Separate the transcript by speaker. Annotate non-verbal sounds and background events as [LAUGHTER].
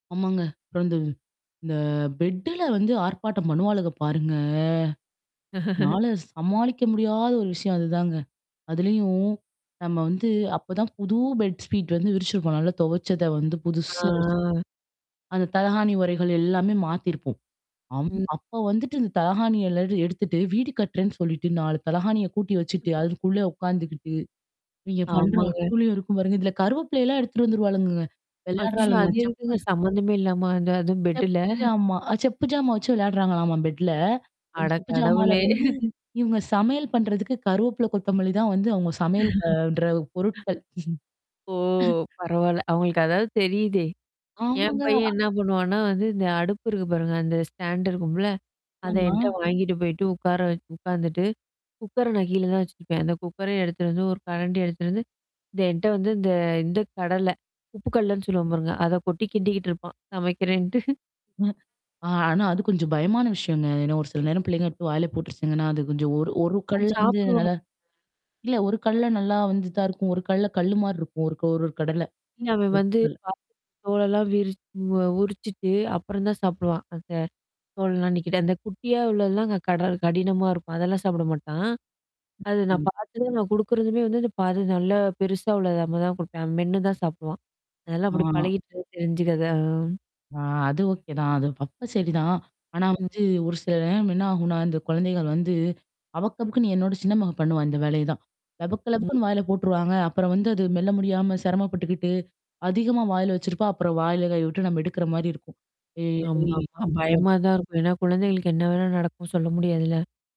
Speaker 1: ஆமாங்க. அப்புறம் வந்து இந்த பெட்டுல வந்து ஆர்ப்பாட்டம் பண்ணுவாளுக பாருங்க,
Speaker 2: [LAUGHS]
Speaker 1: என்னால சமாளிக்க முடியாத ஒரு விஷயம் அதுதாங்க. அதுலயும் நம்ம வந்து அப்பதான் புது பெட் ஸ்பீட் வந்து விரிச்சிருப்போம். நல்லா துவைச்சத வந்து
Speaker 2: ஆ,
Speaker 1: புதுசா விரிச்சிருப்போம்.
Speaker 2: ஆ.
Speaker 1: அந்த தலகாணி உறைகள் எல்லாமே மாத்திருப்போம். அம்,
Speaker 2: ம்.
Speaker 1: அப்போ வந்துட்டு இந்த தலகாணி எல்லாம் எடுத்துட்டு வீடு கட்டுறேன்னு சொல்லிட்டு 4 தலகாணிய கூட்டி வச்சுட்டு, அதுக்குள்ள உட்காந்துக்கிட்டு இவங்க பண்ற
Speaker 2: ஆமாங்க.
Speaker 1: அட்டூழியும் இருக்கும் பாருங்க. இதில கருவேப்பிலைலாம் எடுத்துகிட்டு வந்துருவாளுங்கங்க.
Speaker 2: அச்சச்சோ! அது
Speaker 1: விளையாடுறாளுங்கலாம். செப்பு
Speaker 2: எதுக்குங்க சம்மந்தமே இல்லாம அந்த அதுவும்
Speaker 1: செப்
Speaker 2: பெட்டுல [CHUCKLES]
Speaker 1: ஜாமா, அ, செப்பு ஜாமா வச்சு விளையாடுறாங்களாம்மா பெட்ல. அந்த செப்பு ஜாமால
Speaker 2: அடக்கடவுளே!
Speaker 1: வந்து
Speaker 2: [LAUGHS]
Speaker 1: இவுங்க சமையல் பண்ணுறதுக்கு கருவேப்பில, கொத்தமல்லி தான் வந்து அவுங்க சமையல் பண்ற
Speaker 2: [CHUCKLES]
Speaker 1: பொருட்கள். [CHUCKLES]
Speaker 2: ஓ! பரவால்ல. அவுங்களுக்கு அதாவது தெரியுதே! என்
Speaker 1: ஆமாங்க.
Speaker 2: பையன் என்ன பண்ணுவான்னா, வந்து இந்த அடுப்பு இருக்கு பாருங்க. அந்த ஸ்டாண்ட் இருக்கும்ல? அத
Speaker 1: ஆமா.
Speaker 2: என்ட்ட வாங்கிட்டு போயிட்டு உட்கார உட்காந்துட்டு, குக்கர நான் கீழ தான் வச்சுருப்பேன். அந்த குக்கர எடுத்து வந்து, ஒரு கரண்டி எடுத்துட்டு வந்து, இந்த என்ட்ட வந்து இந்த இந்த கடல, உப்புக்கல்லன்னு சொல்லுவோம் பாருங்க. அத கொட்டி கிண்டிகிட்டு இருப்பான் சமைக்கிறேன்ட்டு. [CHUCKLES]
Speaker 1: [CHUCKLES] ஆனா அது கொஞ்சம் பயமான விஷயங்க. ஏன்னா ஒரு சில நேரம் பிள்ளைங்க எடுத்து வாயில போட்டுருச்சிங்கன்னா அது கொஞ்சம் ஒரு, ஒரு
Speaker 2: அவன்
Speaker 1: கல்ல வந்து
Speaker 2: சாப்புடுவான்.
Speaker 1: நல்லா இல்ல ஒரு கல்ல நல்லா வந்து தான் இருக்கும். ஒரு கல்ல கல்லுமாரி இருக்கும். ஒரு, ஒரு, ஒரு கடல
Speaker 2: இல்ல அவன்
Speaker 1: ஒரு
Speaker 2: வந்து
Speaker 1: கல்ல.
Speaker 2: தோலெல்லாம் விரிச்சி அ, உரிச்சுட்டு அப்புறம் தான் சாப்பிடுவான். அந்த தோலெல்லாம் நீக்கிட்டு அந்த குட்டியா உள்ளதுலாம் அங்க கடல் கடினமா இருக்கும். அதெல்லாம் சாப்பிட மாட்டான். அது நான்
Speaker 1: ம்.
Speaker 2: பார்த்ததும் நான் கொடுக்குறதுமே வந்து அந்த பாதி நல்லா பெருசா உள்ளது தான் கொடுப்பேன். அவன் மென்னு தான் சாப்பிடுவான். அதெல்லாம் அப்படி
Speaker 1: ஆ.
Speaker 2: பழகிட்டு தெரிஞ்சிக்கிறதான், ஆ.
Speaker 1: ஆ, அது ஓகே தான் அது அப்ப சரிதான். ஆனா
Speaker 2: ம்.
Speaker 1: வந்து ஒரு சில நேரம் என்ன ஆகுன்னா, இந்த குழந்தைகள் வந்து அபக்கு, அபக்குன்னு என்னோட சின்ன மகன் பண்ணுவா இந்த வேலையே தான் லபக்கு,
Speaker 2: ம்.
Speaker 1: லபக்குன்னு வாயில போட்டுருவாங்க அப்புறம் வந்து அது மெல்ல முடியாம சிரமப்பட்டுக்கிட்டு அதிகமா வாயில வச்சிருப்பா, அப்புறம் வாயில கை விட்டு நம்ம எடுக்குற மாரி இருக்கும்
Speaker 2: ஆமா, ஆமா.
Speaker 1: [UNINTELLIGIBLE]
Speaker 2: பயமா தான் இருக்கும். ஏன்னா குழந்தைங்களுக்கு என்ன வேணாலும் நடக்கும். சொல்ல முடியாதுல்ல?